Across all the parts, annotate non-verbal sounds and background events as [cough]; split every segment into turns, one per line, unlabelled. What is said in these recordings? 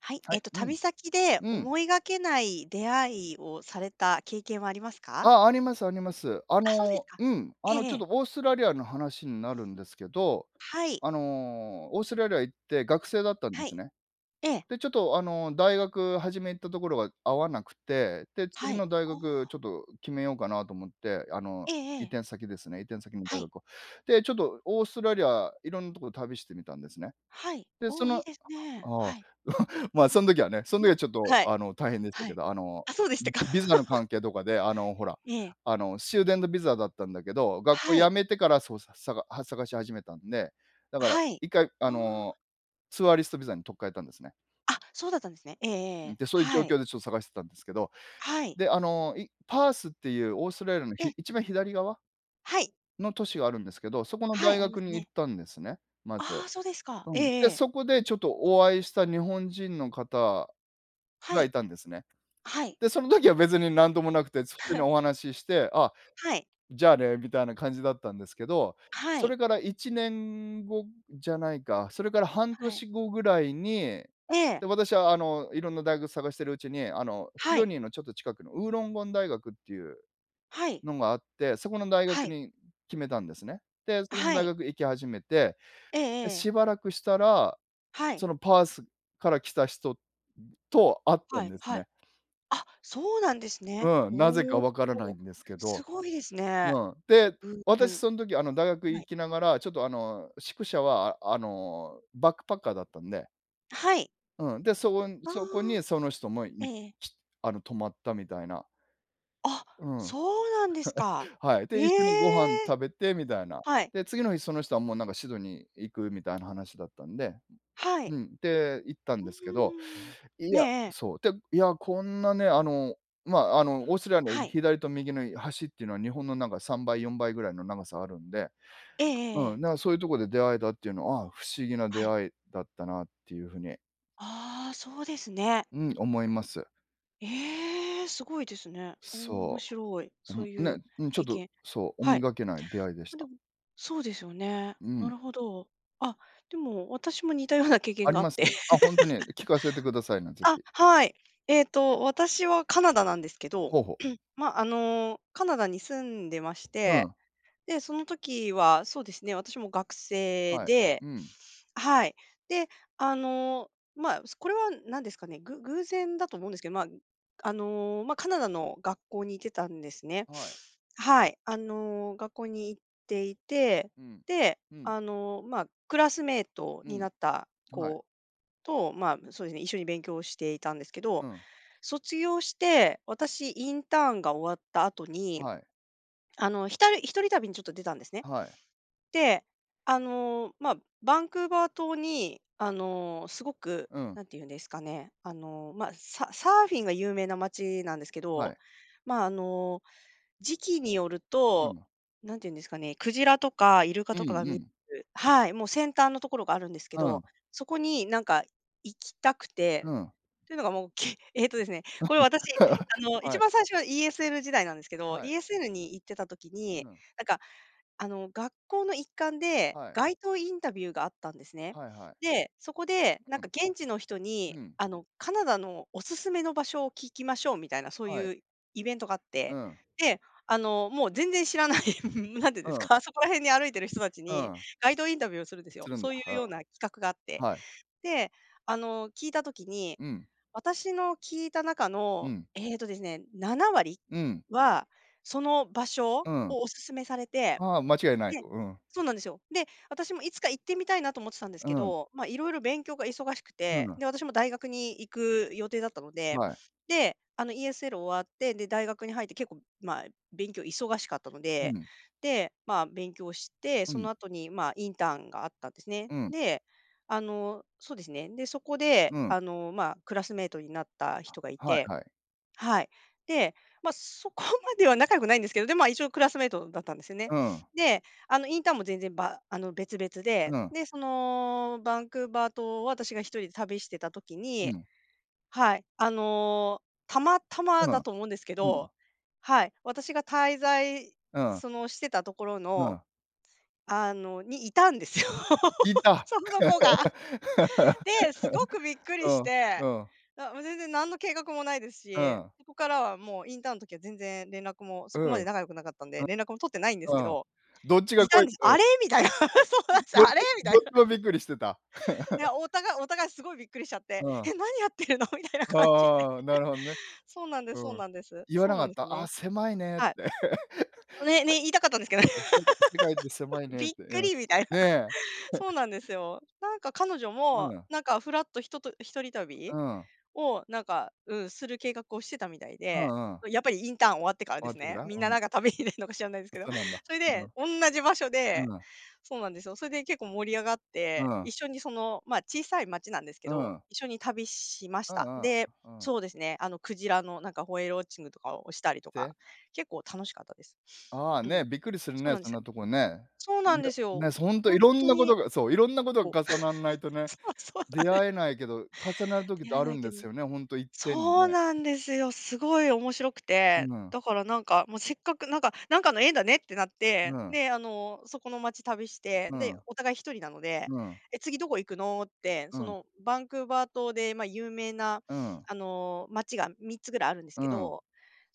はい。
は
えっ
い、
と、
うん。
旅先で
うん。
思いがけない出会いをされた経験はありますか？
あ、ありますあります。あ
あ、そうで
の、
すか。
うん、あ
ええ
の、
え
ちょっ
え。
とオーストラリアの話になるんですけど、
はい。
あのオーストラリア行って学生だったんで
は
す
い。
ね。
ええ。
で、ちょっとあの、大学初め行ったところが合わなくて、で、
は
次
い。
の大
あ
学ち
あ。
ょっと決めようかなと思って、あの、
えええ
移
え。
転先ですね、移転先の
は
大
い。
学を。で、ちょっとオーストラリアいろんなとこを旅してみたんですね。
はい、
で、そ
おお、
の
いいですね。
ああ、
はい。
[chuckles] ま、そん時はね。その時は
ど
ちょっと、
はい。
あの、大変でした
は
け
い。
ど、あの、
あ、そうでしたか。
ビザの
[laughs]
関係とかで、あのほら、
ええ。
あのスチューデントビザだったんだけど、学校
はい。
辞めてからそうささがは、探し始めたんで、だから
はい。
1回あ
ああ。
の、ツアーリストビザに取っ換えたんですね。
あ、そうだったんですね。えええ
ん、
え、
で、そういう状
はい。
況でちょっと探してたんですけど、
はい。
で、あの、いパースっていうオーストラリアの
え
ひ
え。
一番左側
はい。
の都市があるんですけど、そこの
は
大
い、ありま
学
す
に行っ
ね。
たんですね、まず。
ああ、そうですか。
う
ええ
ん。
え
で、
え。
そこでちょっとお会いした日本人の方
は
がい
い。
たんですね。
はい。
で、その時は別になんともなくて、普通に
[chuckles]
お話しして「あ、
はい。
じゃあね」みたいな感じだったんですけど、
は
そ
い。
れから1年後じゃないか、それから半
はい。
年後ぐらいに、
え
で、
え。
私はあの、いろんな大学探しているうちに、あの、シ
は
ド
い。
ニーのちょっと近くのウーロンゴン大学っていう、
はい。
のがあって、そこの大
は
学
い。
に決めたんですね。で、そこの
は
大
い。
学行き始めて、
ええ
で
ええ。
しばらくしたら、
はい。
そのパースから来た人と会った
は
ん
い、
です
は
ね。
い。あ、そうなんですね。
うん、なぜか
おお。
わからないんですけ
す
ど。
ごいですね。
うん。で、
偶
私
然。
そん時あの大学
は
行
い。
きながら、ちょっとあの、宿舎はあの、バックパッカーだったんで。
はい。
うん。で、そこ
あ
そこに、
あ。
その人も、
え
い
え。
きあの、泊まった、みたいな。
あ、
うん。は
そうなんですか。
いはい。
え
で、一緒にご飯
え。
食べて、みたいな。
はい。
で、次の日その人は、もう、なんか、シドニー行くみたいな話だったんで
はい。
うん、で、行ったん
う
ですけど、
ーん。
い
ええ
や
ええ。
そう、で、いや、こんなね、あの、まあ、あの、オーストラリアの
はい。
左と右の端っていうのは、日本のなんか3倍4倍ぐらいの長さがあるんで
ええええ
う
え
ん、
え。
だから、そういうところで出会えたっていうのは、あ、不思議な
は
出
い。
会いだったなっていう風に
ああ、そうですね。
うん、思います。
ええ、すごいですね。おお、面
そ
白い。
う。
そう
うん、
いう
ね。うん、ちょっ
経
と
験
そう、思
は
い
い。
がけない出会いでし
あ、で
た。
もそうですよね。
う
な
ん。
るほど。あ、でも、私も似たような経験
あり
があっ
ます？
て。
あ、ほんとに。聞かせてください
[laughs]
な。是
あ、
非。
はい。えっと、私はカナダなんですけど、
ほうほう。
[clears throat] ま、あの、カナダに住んでまし
う
て。
ん。
で、その時は、そうですね、私も学生
はい。
で
うん。
はい。で、あの、まあ、すこれは何ですかね、ぐ偶然だと思うんですけど、まあ、あの、ま、カナダの学校に行ってたんですね。
はい。
はい、あの、学校に行っていて、
うん。
で、
うん。
あの、まあ、クラスメイト
う
にな
ん。
った
はい。
子と、まあ、そうですね、一緒に勉強していたんですけ
う
ど。
ん。
卒業して、私インターンが終わった後に、
はい。
あの、ひたい1人旅にちょっと出たんですね。
あ、はい。
で、あの、まあ、バンクーバー島に、あの、すごく、
うん。
何て言うんですかね、あの、まあ、ササーフィンが有名な街なんですけ
はい。
ど、まあ、あの、時期による
うん、
と、
あ。
何て言うんですかね、クジラとかイルカ
う
と
ん
かが
う
見
ん。
すはい、もう、先端のところがあるんですけ
うん。
ど、そこに、なんか、行きたく
う
て。
ん。
ていうのが、もう、けええとですね、これは私、あ
[laughs]
の、
は
一
い。
番最初は ESL 時代なんですけど、
はい。
ESL に行ってた時に、
うん。
なんか、あの、学校の一環で、
はい。
街頭インタビューがあったんですね。
はいはい。
で、そこで、な
う
んか
ん。
現地の人に、
うん。
あの、カナダのお勧めの場所を聞きましょうみたいな、そう
はい。
いうイベントがあっ
う
て。
ん。
で、あの、もう、全然知らない、ん、何て言うんです
うん。
か、そこら辺に歩いている人たち
う
に、
ん。
街頭インタビューをするんです
つ
よ。
るん
そ
だ。
ういう
あ
ような企画があっ
あ。
て。
はい。
で、あの、聞いた時に、
うん。
私の聞いた中
う
の、
ん。
ええとですね、7割
うん。
は、その場所
うん。
をお勧めされて。
はあ、間違いないと。
で
うん。
そうなんですよ。で、私もいつか行ってみたいなと思ってたんです
う
け
ん。
ど、まあ、いろいろ勉強が忙しく
すう
て、
の。
で、私も大学に行く予定だったので、
はい。
で、あの、ESL 終わって、で、大学に入って結構、まあ、勉強忙しかったの
う
で、
ん。
で、まあ、勉強して、
う
そ
ん。
の後に、まあ、インターンがあったんですね。
うん。
で、あの、そうですね、で、そこで、
うん。
あの、まあ、クラスメイトになった
あ、
人がい
はい
て。
はい。
はい。で、まあ、そこまでは仲良くないんですけど、で、まあ、一応クラスメイトだったんですよね。
うん。
で、あの、インターンも全然、ばあの、別々
う
で。
ん。
で、その、バンクーバー島を私が1人で旅してた時
う
に
ん。
はい、あの、たまたま
う
だ
ん。
と思うんですけ
うん。
どはい。私が滞在、
うん。
その、してたところ
う
の、
ん。
あのに、いたんですよ。
いた。
その子が。で、すごくびっ
[laughs]
く
う
りし
ん。
て。
うん。
あ、もう、全然何の計画もないです
う
し、
ん。
そこからはもう、インターンの時は全然連絡も、
う
そこま
ん。
で仲良くなかったんで、連絡も取ってないんですけ
あ。うん。
ど。
どっちが
い
こ
たん
い
です。
うん。
あれ？みたいな。そうなん
[unintelligible]
です、
どっち
あれ？みた
ど
い
っち
な。
もび
[laughs]
っくりしてた。
い
[laughs]
や、お互いお互い、すごいびっくりしちゃっ
う
て、
ん。
「え、何やってるの？」みたいな感じで。
ああ、なるほどね。
[laughs] そうなんですそ
う
う
ーん。
なんです。
言わ
そ
な
う
か
なん
っ
で
た。
す
「ああ、
ね。
狭いね」って。
はい。あ、ねね、言いたかったん
[laughs]
ですけど
せ
ね。
うん、せか世界って狭
[laughs]
いねっ
びっ
て。
く
うん。
り！みたいな。
ね。
そう
[chuckles]
なんですよ。なんか、彼女
う
も、
ん。
なんか、ふらっとひとと1人
う
旅
ん。
を、なんか、うん、する計画をしてたみたい
う
で。
んうん。
やっぱりインターン終わってから
終
で
わっ
す
てか
ね。
ら？
みん
う
な、
ん。
なんか旅に出るのか知らないんすけ
ん、
ど。
そうなんだ。
それ
その
で、おんなじ場所で
うん。
そうなんですよ、それで結構盛り上がっ
う
て、
ん。
一緒に、その、まあ、小さい町なんですけ
う
ど、
ん。
一緒に旅しまし
うんう
た。
ん、う
で、
うん。
そうですね、あの、鯨の、なんか、ホエールウォッチングとかをしたりとか、
で？
結構楽しかったです。
ああ、
うん。
ね、びっくりする
そう
ね。
なんで
そん
す。
なとこね。
そうなんで
[unintelligible]
すよ。
ね、そ、ほんと、
ほん
色ん
と
なこ
に。
とがそう、色んなこと
そう。
が
[laughs]
重なんないとね、
そう、そうな
出
んで
会えないけど、重なる時っ
出
て
会
あ
えな
る
い
んで
けど
すよね、ほんといっぺんに
そう
ね。
なんですよ、すごい面白くて。
うん。
だから、なんか、も、せっかく、なんかなんかの縁だねってなって、
うん。
で、あの、そこの町旅して、
う
で、
ん。
お互い1人なので、
うん。
「え、次どこ行くの」って、
う
そ
ん。
の、バンクーバー島で、まあ、有名な、
うん。
あの、街が3つぐらいあるんです
う
け
ん。
ど。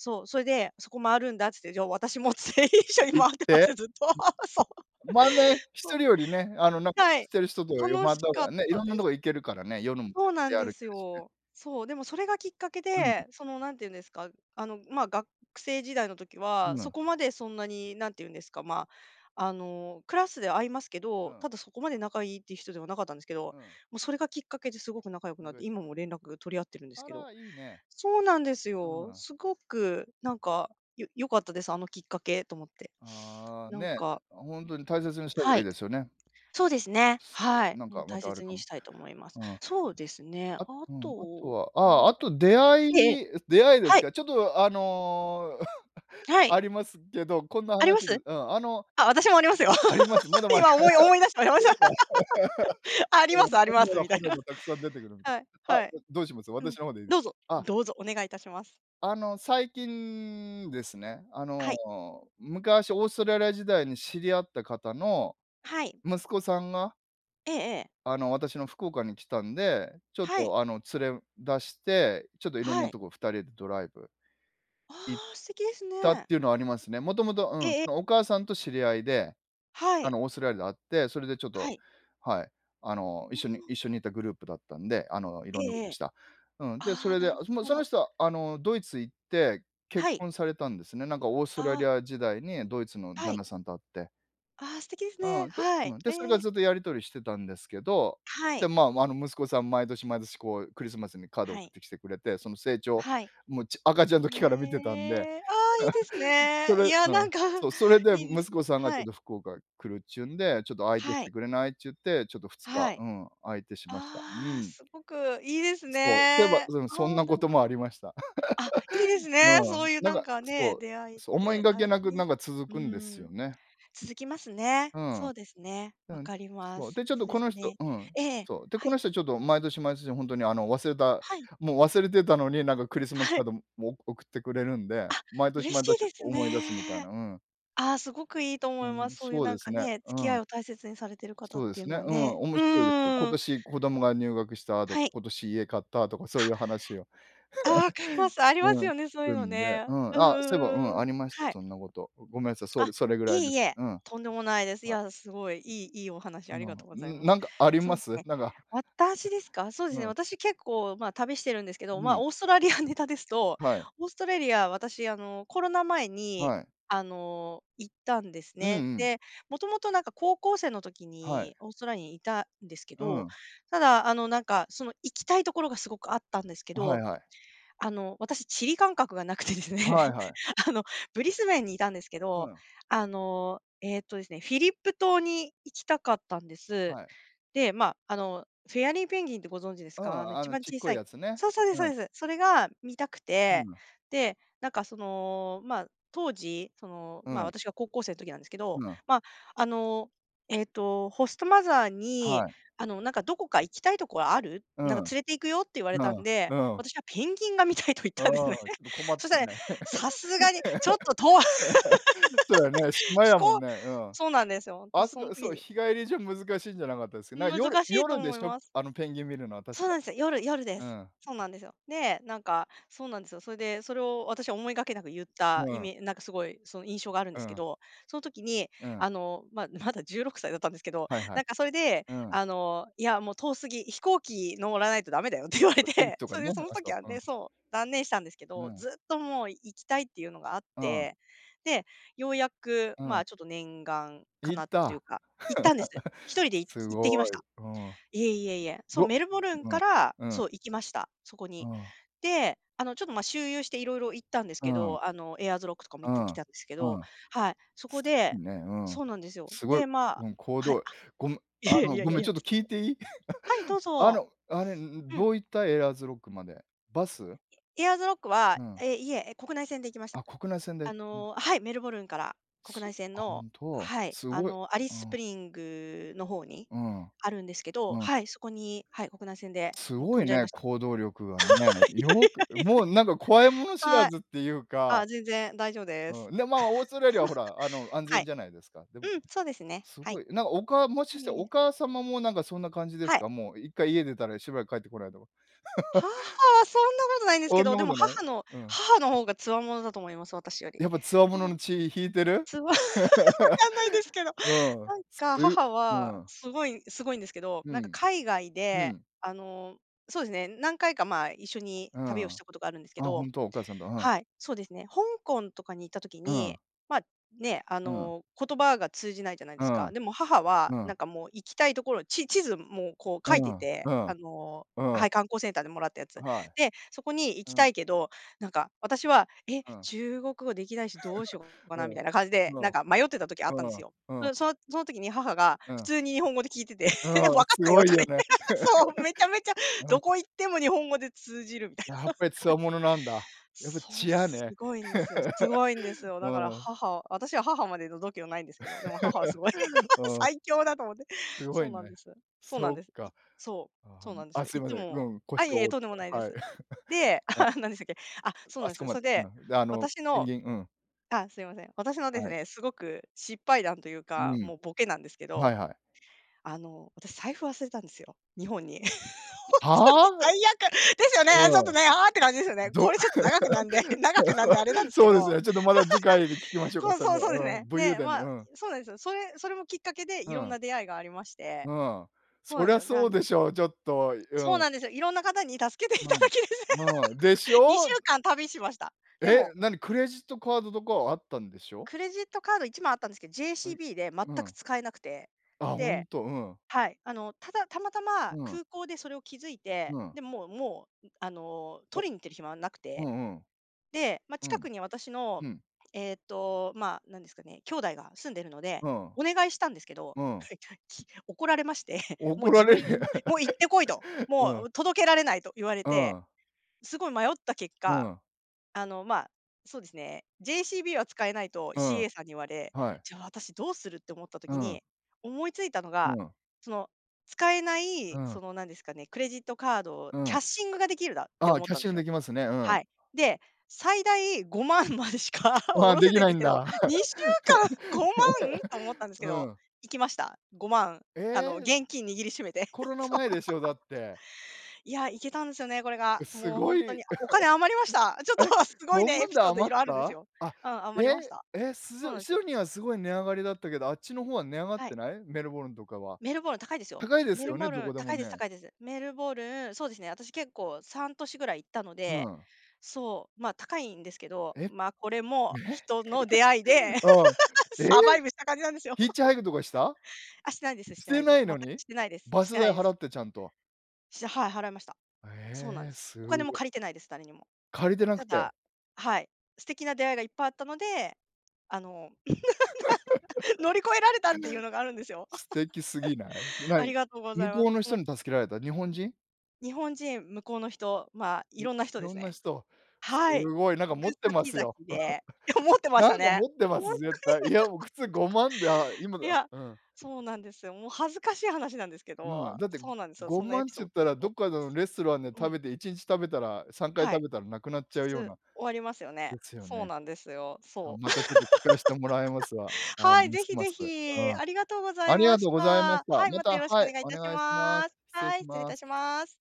そう、それで、「そこ回るんだ」っつって、「じゃあ、私も」つって、一
え、
緒に
いっ
回ってまし
て？
た、ずっと。そう。
[unintelligible] まあね、
[laughs]
ひ
そ
とりよりね、あの、なんか、
う。は
知っ
い。
てる人と回っ
楽
た
し
方
かっ
がね、
た
色んな
で
と
す。
こ行けるからね。夜もで
そうな
出
ん
歩
で
け
す
るしね。
よ。そう、でも、それがきっかけ
うん。
で、その、何て言うんですか、あの、まあ、学生時代の時は、
う
そ
ん。
こまでそんなに、何て言うんですか、まあ、あの、クラスで会いますけ
う
ど、
ん。
ただ、そこまで仲いいっていう人ではなかったんですけど、
うん。
もう、それがきっかけですごく仲良くなっ
仲良
て、
しな
今
っ
も連絡取り合ってるんで
た。
す
あ
けど。
ら、いいね。
そうなんです
うー
よ。
ん。
すごく、なんか、よ良かったです、あのきっかけ、と思って。
ああ、
なん
ね、
か
あ、ほんとに大切にした方
は
がいい
い。
ですよね。
そうですね、
[unintelligible]
はい。
なん
もう、
か、ま
大
たある
切
か
に
も。
したいと思います。
うん。
そうですね、あ
あうん。あと
と、
は、ああ、
ま
あと、出会
ええ。
い出会いです
はい。
か。ちょっと、あの、
は
[chuckles] あ
い。
りますけど、こんな
ありま
話で
す？
うん。あの
あ、私もありますよ。
あります。もう、でも
[laughs] 今、思い思い出した。あり
[laughs]
ま
そう
し
い
た。
え
[laughs] ありますあります、
ば
みたいな。
[laughs] [unintelligible] たくさん出てくる
[laughs]
んで。
はい。
あ、
はい。
どどうします？
うん、
私の方で
どうぞ。
あ
どうぞお願いいたします。
あの、最近ですね、あ
は
の、
い。
昔、オーストラリア時代に知り合った方の、
はい。
息子さんが
ええええ。
あの、私の福岡に来たんで。ちょっ
はい。
とあの、連れ出して、ちょっといろんな
はい。
とこ、二人でドライブ
あ
行っ
あ、素敵です
たっ
ね。
ていうのはありますね。もともと
え
う
え
ん、
え
そ
え。
のお母さんと知り合いで。
は
あ
い。
の、オーストラリアで会って、それでちょっ
は
と
い。
はい、あの、一
う
緒に
ん。
一緒にいたグループだったんで。あの、い
え
ろんな
え
こと
え
し
え。
た。うん。で、そ
ああ、
れ
な
で、あ、
る
もう
ほ
そ
ど。
の人は、あの、ドイツ行って結
はい。
婚されたんですね。なんか、オーストラ
あ
リ
あ。
ア時代に、ドイツの
は
旦
い。
那さんと会って。
ああ、素敵ですね。
うん、で
はい。
うん。で、それから
ええ。
ずっと、やり取りしてたんですけど。
は
で、
い。
まあ、あの、息子さん、毎年毎年、こう、クリスマスにカードを
は
送っ
い。
てきてくれて。その成長、
はい。
もう、ち赤ちゃん時から見てたんで。
へえ。ああ、いいです
[chuckles] うん、そ
ね。
れ
いや、
う
な
ん、
んか
そう。それで、
いいです
息子
ね、
さんがち
は
ょっ
い。
と、福岡来るちゅうんで「ちょっと相手し
はい。
てくれない？」ちゅって、ちょっと2日、
はい。
うん、相手しました。う
ああ、
ん。
すごくいいです
そう、とえば、
ね。
うん、そん
ああ、
な
な
こ
る
と
ほ
もあ
ど。
りました。
あ、いいです
[laughs]
ね、
う
そ
ん、
ういう
なん
なん
か、
か
そ
ね、
う
出会いっ
そう、思い
て
がけ
大
なく、なん
事。
か続
う
くんですよ
ん、
ね。
続きますね。
うん、
そうですね。
う
分
ん。
かりま
そう。
す。
で、ちょっ
そ
と
うで
こ
す
の人
ね。
うん、
ええ、
そう。で、
は
この
い。
人ちょっと、毎年毎年ほんとに、あの、忘れた、
はい。
もう忘れてたのに、なんかクリスマス
は
カ
い。
ードも送ってくれるんで。
あ、
毎年
嬉し
毎
い
年
です
思い出すみたいな。
ね。
うん。
ああ、すごくいいと
う
思いま
ん、
す。そういう
そう
な
で
ん
す
か
ね。
ね、
う
付き合
ん。
いを大切にされてる方
そ
っ
うで
ていう
す
の
ね、
は
うん。
ね。
面
うんう
白いです。今
んうん。
年、子供が入学したと
は
か、
い。
今年家買ったとか、そう
は！
いう話を
ああ、かります。あ
[laughs]
り
う
ま
ん、
す
聞
よね、そういう
く
の
んで。
ね。
う
う
ん。
んう
あ、
ん
そういえば、う
う
ん、
んう
あ
ん。
りました。
はい。
そんなこと。ごごめんさい。そう、
あ、
で、それぐ
い
ら
え
いで
い
す。
え。
うん。
とんでもないです。い
はい。
や、すごい、いいいいお話
うん。あ
ありが
の、
とうご
う
ざい
ん、
ま
な
す。
んかあり
そ
ま
うす
す？
ね、
なんか。
私ですか？そうで
う
すね。
ん。
私、結構まあ、旅してるんですけど。
う
まあ、
ん。
オーストラリアネタですと
はい。
オーストラリア、私、あの、コロナ前に、
はい。
あの、行ったんです
うん
ね。
うん。
で、元々なんか、高校生の時
はい。
にオーストラにいたんですけ
う
ど。
ん。
ただ、あの、なんかその、行きたいところがすごくあったんですけ
はい
ど、
はい。
あの、私、地理感覚がなくてですね。
はい
[laughs]
はい。
あの、ブリスベンにいたんですけ
う
ど、
ん。
あの、ええとですね、フィリップ島に行きたかったんで
あ、
す。
はい。
で、まあ、あの、フェアリーペンギンってご存知です
う
か？あ
ん。
の、
あ
一
の、
番
ちっ
小
こ
さ
い
い
やつね。
そう、そうで
う
そ
う
う
ん。
です。それが見たく
うん
て。
が。
で、なんかその、まあ、当時、その、
う
まあ、
ん。
私が高校生時なんですけ
う
ど。
ん。
まあ、あの、ええと、ホストマザー
は
に、
い。
あの、なんか「どこか行きたいとこある？
う
な
ん、
んか連れて行くよ」って言われ
う
たん
ん、
で
うん。
私はペンギンが見たいと言っ
あ
たんですね。
あ、ど困
[laughs]
っ
そし
た
たらね、
ね。
さすがにちょっと遠
[laughs] そうやね、
[laughs]
島
飛
やもん
行
ね。うん。
そうなんですよ。
あ
私
そ
そん
こ
時
そう、
に
日帰りじゃ難しいんじゃなかったですか？
うん、
な、夜
難しいと
夜で
思い
しょ、
ます。
あの、ペンギン見るのは確
そう
か。
なんすよ、夜夜で
う
す。
ん。
そうなんですよ。で、なんか、そうなんですよ。それで、それを私は思いがけなく言った
う
イ
ん。
メなんか、すごいその印象があるん
う
ですけ
ん。
ど。その時に、
うん。
あの、まあ、まだ16歳だったんですけど。
はいはい。
なんかそれで、
うん。
あの、いや、もう、遠すぎ「飛行機乗らないとだめだよ」って言われ
[unintelligible]
て。
とか
それで、
ね。
その
あ、そ
時は
う。うん。
ねそう、断念したんですけ
ぬ
ど、
う。
ずっともう、行きたいっていうのがあっ
うん。
て。で、ようやく
う
ま
ん。
あ、ちょっと念願
行った。
叶ってとい
[chuckles]
うか、行ったんです。一人で行
つ
き
す
行ってきま
ご
した。
い、うん。
いえいえいえ。そん、
ご
メルボルン
うん、
から、
うん。
そう、行きました、そこ
う
に。
ん。
で、あの、ちょっと、まあ、周遊して、いろいろ行ったんです
う
け
ん。
ど。あの、エアーズロックとかも
う
行って
ん、
きたんですけど。
うん。
はい、そこ
す
で
ね。う
そ
ん。
うなんですよ。
すごい。
で、まあ
うん、こう
はい。
どい
あ、
ごむあ
いや
の、
いやい
ご
や
め
いや
ん、
い
ち
や、
ょっと
そ
聞
んな。
いていい？
はい、ど
[chuckles]
う
あ
ぞ。
の、あれ、んん。
うん。
どう行った？エアーズロックまで。バス？
エアーズロックは、
うん。
ええ、いえ、え、国内線で行きました。
あ、国内線で。
あ
うん。
の、はい、メルボルンから国
す
内線
あ、
の
本当。
はい、
す
あ
ごい。
の、アリ
う
スス
ん。
プリングの方に
うん。
あるんですけど。
うん。
はい、そこに、はい、国内線で
す
もう、
ご
飛
い
んじゃい
ね。
ました。
行動力がね。よく
[laughs] いやいやい
もうなんか、怖いもの知
やいや。
ら
はい。
ずっていうか。
あ、全然、大丈夫です。
うん。で、まあ、オーストラリアはほら、あの、
[laughs]
安
は
全
い。
じゃないですか。でも
うん、そうですね、
す
は
ご
い。
い、なんか、おかもしかして、
い
お
え。
母様もなんか、そんな感じです
はい。
か？もう、一回家出たら、しばらく帰ってこないとか。[chuckles]
母は、そんなことないんです
お
け
ん
ど。
な
で
こ
も
とない？
母の
うん。
母の方が強者だと思います、私より。
やっぱ、強
なんす
者
ご
の血引いてる？
[laughs] 分かんないですけど。
[laughs] うん。
なん
す
か
う
母
う
は、
ん。
すごいすごいんですけど。
う
なんか
ん。
海外
う
で、
ん。
あの、そうですね、何回かまあ、一緒に
う
旅を
ん。
し
あ、
たことがあるんですけど
本当？お母さんだ。うん。
はい、そうですね。香港とかに行った時
う
に、
ん。
まあ、ね、あ
うん。
の、言葉が通じないじゃない
う
です
ん。
か。でも母は、
う
な
ん。
んかもう、行きたいところ、ち地図もこう、
う
書いてい
ん、
て。
う
あ
ん。
の、
うん。
はい、観光センターでもらったやつ。
あ、はい。
で、そこに行
う
きた
ん。
いけど、なんか私は「え、
うん。
中国語できないし、どうしよう
[chuckles]
か
う
な」
ん、
みたいな感じで、
う
なん
ん、
か、迷ってた時あったん
う
です
ん、
よ。
うん。
で、そのその時に、母が
う
普
ん。
通に日本語で訊いてて
う
「分か
ん、
っ
す
たよ」
ごい
とか
よ
言っ
ね。
て [laughs] そう、めちゃめちゃ、
[laughs] うん。
どこ行っても日本語で通じる、みたい
やっぱり
な。[laughs] かい。
強者なんだ。やっぱ
そ
血
う、
や
す
ね。
ごいんすよすごいんです
[laughs]
よ。
う
だから
ん。
母は私は、母までの度胸無いんですけど。でも、母はすごい、
[laughs]
[laughs]
うん。
最強だと思って。
すご
そ
い
う
ね。
なんですそうな
そ
ん
っ
です。い
か。
そう
ああ、
そう
な
なんです
あ、
よ。
すい
い
ま
つ
せん、う
も
ん。腰
あ、いえ
を
いえ、
折
とん
っ
でも
て。
ないで
はい。
す。
[chuckles]
で、
うん。
[chuckles] 何でしたっけあ、そう
あ
なんで
そ
す
こ
よ。
ま
そ
で
れで、
な。で、あの、
私
ペン
の
ギンうん。
あ、すいません、私のです
はい。
ね、すごく失敗談という
う
か、
ん。
もうボケなんですけ
は
ど。
いはい。
あの、私、財布忘れたんですよ、日本に。[laughs] 本当に
はあ？
最悪ですよね、ちょっ
う
と
ん。
ね、ああ、って感じですよね。こ
ど
れちょっと長くなんで、長くなんであ
[laughs]
れなんすけ
そうです
ど。
ね、ちょっとまだ、次回で聞きまし
[laughs]
ょうか。
そう
そ
そう、そうです
のうん、
ね。
武勇
ね、
伝の
ま
う
あ、
ん。
そうなんですよ。それ、それもきっかけで、
う
色ん
ん。
な出会いがありまして。
うん。
そう
そ
なん
り
です
ゃ、
よね、あ
そうで
の
しょう。ちょっと、い
そう
うん。
なんですよ。色んな方に助けてい
うん、
ただき
うん。でし
[laughs] にし
ょ
ゅ
う？
うかん旅しました。で
え、
も
何、クレジットカードとかは、あったんでしょ？
クレジットカード1枚あったんですけど、
はい。う
JCB で全
う
く
ん。
使えなくて。
あ、
で
本当。うん。
はい、あの、ただ、たまたま
うん。
空港でそれを気づいて。
うん。
で、もうもう、あの、
お！
取りに行ってる暇はなく
う
て。
んうん。
で、まあ、
う
近
ん。
くに私の、
うん。
ええと、まあ、なんですかね、兄弟が住んでるので、
うん。
お願いしたんですけど。
うん。
はい、ちゃき怒られまして。もう
怒ら
自
れ
分
る。
ももう、行って来いと。
[laughs] う
も
ん。
う届けられないと言われ
う
て。
ん。
すごい迷った結
う
果、
ん。
あの、まあ、そうですね、JCB は使えないと
うん、
CA さんに言われ、
はい。
じゃあ、私どうするって思った
う
時
ん。
に、思いついたの
う
が、
ん。
その使えな
う
い、そ
ん。
の、なんですかね、クレジットカードを、
う
キャ
ん。
ッシングができるだって
ああ、
思っ
キャッ
たん
シ
す
ング
よ。
できますね。うん。
はい。で、最大5万までしか下
ああ、
ろ
で
せ
き
ないん
ない
です
ん
けど。
だ。
2週間、5万と思っ
[laughs]
たんですけ
う
ど、
ん。
行きました。5万。
え
あの、
え。
現金握りしめて。
コ
[chuckles]
ロナ
そう。
前
[laughs] つ
でしょ？だって。
いや、いけたんすよね、これが。
え、す
もうほ
ご
んと
い
に。あ、お金余りました。
[chuckles]
ちょっ
え、
とすごい
ご
ね、
ま
エ
ん
ピ
で
ソード
余っ
色あるんです
た？
よ。
あ、
うん、
え、
余りました。
え、すじ
そう
ょ
な
い
ん
シ
す。
ドニーは、すごい値上がりだったけど。あっちの方は値上がっ
はい。
てない？メルボルンとかは。
メルボルン高いですよ。
高いで
メ
す
ル
よね？
ボ
ど
ル
こ
ン、
でも
高いです
ね。
高いです。メルボルンそうですね、私、結構、3都市ぐらい行ったの
う
で。
ん。
そう、まあ、高いんですけど。
え。え。
まあ、これも人の出会いで、
[laughs] うん。
[laughs]
え、
サバイブした感じなんですよ。
ヒッ
[laughs]
チハイクとかした？
あ、してないですし
し
てな
て
いで
な
す。
い
全
の
く、
に？
してないです
バ
し
ス
てな
代
いで
払
す。
ってちゃんと。
しはい、払いました。そうなん
え
で
え、
す。
す
お金も
ご。
借りてないです、誰にも。
借りてなく
た
て。
だはい、素敵な出会いがいっぱいあったので、あの [laughs] なんか、
[laughs]
乗り越えられたっていうのがあるんですよ。
素敵すぎない？
[laughs] あ
何、
りがとうござ
向
いま
こう
す。
の
も
人
う
に助けられた？日本人？
日本人、向こうの人、まあ、
いい
色んな人で
ろ
す
んな
ね。
人。す
はい。
ごい、なんか
行
持っ
く
てま
先
す
々
よ。
で。いや、持
[chuckles]
ってま
な
した
んか
ね、
持って
ほ
ま
んと
す、
に。
絶対。いやもう、普通5万であ、
[laughs]
今で
い
あ、
や、
うん。
そうなんですよ。もう恥ずかしい話なんですけ
うん、
ど。
だって
そうなんですよ、
ご
そんなエ
まん
ピ
ちゅ
ソ
っ
ー
た
ドを
ら、
持
ど
っ
っか
ま
の
す。
レストランで
う
食
ん。
べて1日食べたら、3回
は
食
い。
べたら、なくなっ
普
ちゃう
通、
ような。
終わりますよね。
ですよ
そう
ね。
なんですよ。
あ、
そう。
またちょっと、聞かしてもらいますわ。
[laughs]
ああ、
はい、
む
ぜ
す
ひ
ま
ぜ
す、う
ひ。
ん。
ありがとうござ
あ
い
りが
ま
と
し
うございまし
た。
た。
はい、
ま
また
た、
よろしく
は
お
い、
願い
お
致し
願いしま
ま
す。
す。
失礼
は
し
い、失礼
ま
致
す。
します。